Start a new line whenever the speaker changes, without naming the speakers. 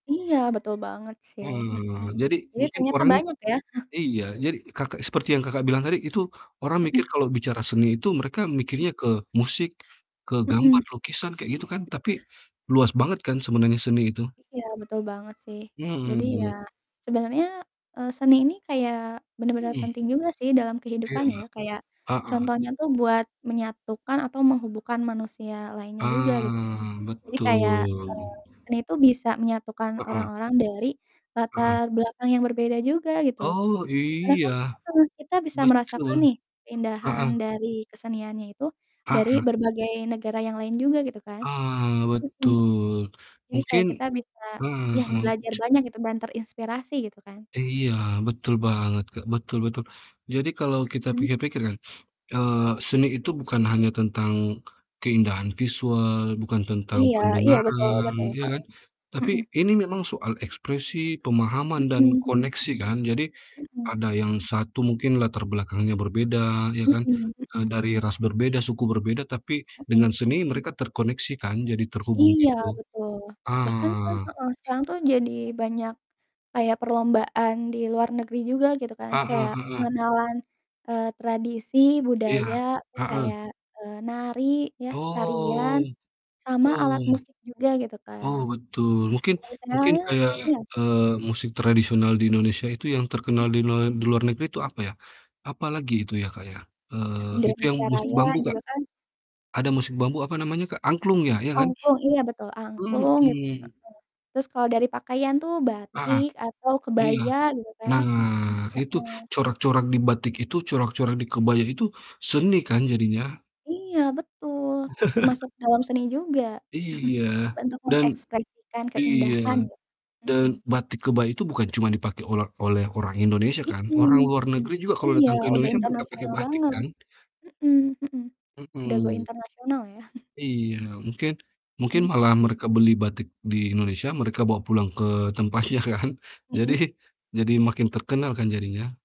Iya, betul banget, sih.
Mhm mhm mhm.
Mhm,
Jadi
jadi
mungkin
ternyata
orangnya
banyak, ya.
iya, jadi Kakak seperti yang Kakak bilang tadi itu orang mikir
Mhm.
kalau bicara seni itu mereka
Mhm.
mikirnya ke musik, ke
Mhm.
gambar, lukisan kayak gitu, kan, tapi luas banget kan sebenarnya seni itu?
Iya, betul banget, sih.
Mhm
Jadi, ya
mhm.
sebenarnya, eee, seni ini kayak bener-bener
Mhm.
penting juga sih dalam
Iya,
kehidupan, ya, kayak
heeh.
contohnya tuh buat menyatukan atau menghubungkan manusia lainnya juga, gitu, kan.
Ah,
Jadi, kayak,
betul.
eee, seni itu bisa menyatukan
Heeh.
orang-orang dari
Hmm.
latar belakang yang berbeda juga, gitu.
Oh,
Karena
iya.
kan mhm, kita bisa merasakan
Betul.
nih keindahan
Heeh.
dari keseniannya itu dari
Heeh.
berbagai negara yang lain juga gitu, kan.
Ah,
Mhm mhm.
betul.
Jadi, kayak
Mungkin
kita bisa,
heeh
yah
heeh,
belajar
ce
banyak gitu dan terinspirasi gitu, kan.
Iya, betul
Mhm.
banget, Kak, betul betul. Jadi, kalau kita
Mhm.
pikir-pikir kan, eee, seni itu bukan hanya tentang keindahan visual, bukan tentang
Iya iya, betul
pendengaran,
betul.
ya
Heeh.
kan? Tapi
Mhm.
ini memang soal ekspresi, pemahaman, dan
Mhm mhm.
koneksi kan. Jadi,
Mhm.
ada yang satu mungkin latar belakangnya berbeda, ya kan,
Mhm
eee,
mhm.
dari ras berbeda, suku berbeda tapi
Mhm.
dengan seni mereka terkoneksi, kan, jadi terhubung
Iya,
gitu.
betul. Bahkan, kan
Ah.
heeh, sekarang tuh jadi banyak kayak perlombaan di luar negeri juga gitu, kan,
Heeh
kayak
heeh.
pengenalan, eee, tradisi, budaya,
Iya,
terus
heeh.
kayak, eee, nari ya
Oh,
tarian, sama
oh,
alat musik juga gitu,
oh,
kan.
betul, mungkin mungkin
Tradisionalnya
kayak,
iya.
eee, musik tradisional di Indonesia itu yang terkenal
Mhm.
dine di luar negeri itu apa, ya? Apalagi itu ya, Kak, ya? Eee, itu yang
Indonesia
musik bambu,
Raya
Kak,
juga, kan.
ada musik bambu apa namanya, Kak? Angklung, ya, iya kan?
Angklung, iya, betul, angklung gitu, heeh.
Mhm.
Terus kalau dari pakaian tuh
Heeh,
batik atau
iya.
kebaya gitu, kan.
Nah, itu
Heeh.
corak-corak di batik itu, corak-corak di kebaya itu seni, kan, jadinya.
Iya, betul termasuk dalam seni juga,
Iya,
bentuk
dan
mengekspresikan
iya,
keindahan gitu,
dan
mhm.
batik kebaya itu bukan cuma dipake ola oleh orang Indonesia
Mhm
kan, orang luar
mhm,
negeri juga kalau
iya
datang ke
udah
Indonesia mereka pake
internasional
batik,
banget.
kan?
Mhm mhm, udah go
Mhm.
international ya.
Iya, mungkin mungkin
Mhm.
malah mereka beli batik di Indonesia, mereka bawa pulang ke tempatnya kan, jadi
Mhm.
jadi makin terkenal kan jadinya.